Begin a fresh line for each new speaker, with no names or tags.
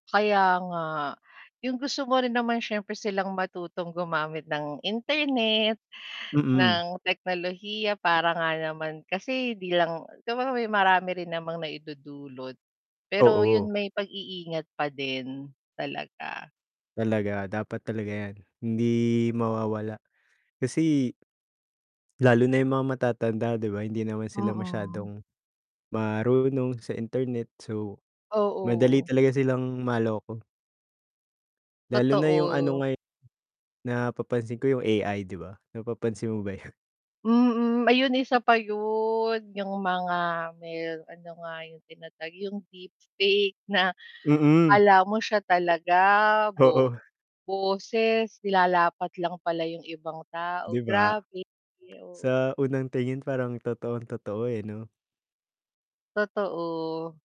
Kaya nga. Yung gusto mo rin naman siyempre silang matutong gumamit ng internet,
Mm.
ng teknolohiya para nga naman kasi 'di lang siyempre may marami rin namang naidudulot, pero yun
Oo.
may pag-i-ingat pa din talaga.
Talaga, dapat talaga 'yan hindi mawawala kasi lalo na yung mga matatanda, 'di ba, hindi naman sila
Mm.
masyadong marunong sa internet, so, madali
Oo.
talaga silang maloko. Lalo na yung ano
Totoo.
ngayon napapansin ko yung AI 'di ba, napapansin mo ba yun?
Mm, ayun isa pa yun, yung mga may ano nga yung tinatawag, yung deep fake na
Mm.
akala mo siya talaga, bo
Oo.
boses nilalapat lang pala yung ibang
'Di
tao.
ba?
Grabe, oo.
Sa unang tingin parang totoong totoo, eh, 'no?
Totoo.